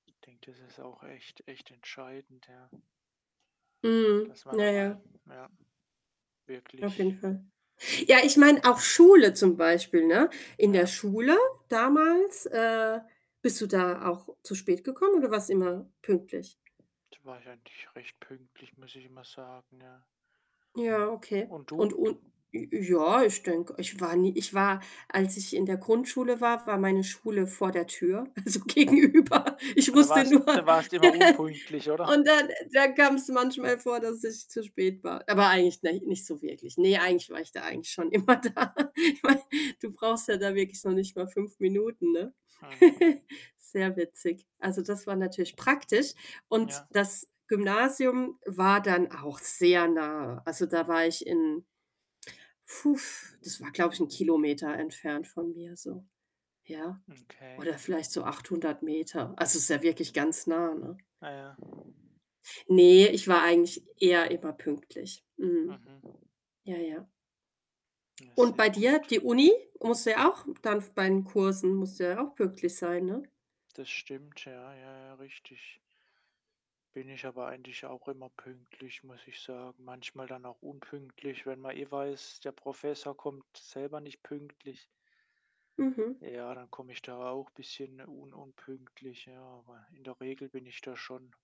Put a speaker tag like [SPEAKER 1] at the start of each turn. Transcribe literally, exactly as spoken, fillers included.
[SPEAKER 1] Denke, das ist auch echt echt entscheidend, ja
[SPEAKER 2] Mhm,
[SPEAKER 1] dass man
[SPEAKER 2] ja,
[SPEAKER 1] da mal,
[SPEAKER 2] ja.
[SPEAKER 1] ja,
[SPEAKER 2] Auf jeden
[SPEAKER 1] wirklich
[SPEAKER 2] Fall. Ja, ich meine, auch Schule zum Beispiel, ne? In der
[SPEAKER 1] Ja.
[SPEAKER 2] Schule damals, äh, bist du da auch zu spät gekommen oder warst immer pünktlich?
[SPEAKER 1] Da war ich eigentlich recht pünktlich, muss ich mal sagen, ja.
[SPEAKER 2] Ja, okay.
[SPEAKER 1] Und
[SPEAKER 2] Und
[SPEAKER 1] du?
[SPEAKER 2] und j ja, ich denke, ich war nie ich war als ich in der Grundschule war, war meine Schule vor der Tür, also gegenüber. Ich
[SPEAKER 1] Und da
[SPEAKER 2] musste
[SPEAKER 1] warst
[SPEAKER 2] nur
[SPEAKER 1] da warst du immer unpünktlich, oder?
[SPEAKER 2] und dann dann kam's manchmal vor, dass ich zu spät war. Aber eigentlich, nei nicht so wirklich. Ne, eigentlich war ich da eigentlich schon immer da. Ich meine, du brauchst ja da wirklich noch nicht mal fünf Minuten, ne?
[SPEAKER 1] Mhm.
[SPEAKER 2] Sehr witzig. Also, das war natürlich praktisch. Und
[SPEAKER 1] Ja.
[SPEAKER 2] das Gymnasium war dann auch sehr nah. Also, da war ich in Das war, glaube ich, 'n Kilometer entfernt von mir so, ja?
[SPEAKER 1] Okay.
[SPEAKER 2] Oder vielleicht so achthundert Meter. Also, ist ja wirklich ganz nah, ne?
[SPEAKER 1] Ah ja.
[SPEAKER 2] Ne, ich war eigentlich eher immer pünktlich. Mhm.
[SPEAKER 1] Mhm.
[SPEAKER 2] Ja, ja.
[SPEAKER 1] Na,
[SPEAKER 2] Und bei
[SPEAKER 1] sehr
[SPEAKER 2] dir,
[SPEAKER 1] gut.
[SPEAKER 2] die Uni? Musst du ja auch dann bei den Kursen musst du ja auch pünktlich sein, ne?
[SPEAKER 1] Das stimmt, ja, ja, ja, richtig. Bin ich aber eigentlich auch immer pünktlich, muss ich sagen. Manchmal dann auch unpünktlich, wenn man eh weiß, der Professor kommt selber nicht pünktlich.
[SPEAKER 2] Mhm.
[SPEAKER 1] Ja, dann komme ich da auch bisschen un unpünktlich, ja. Aber in der Regel bin ich da schon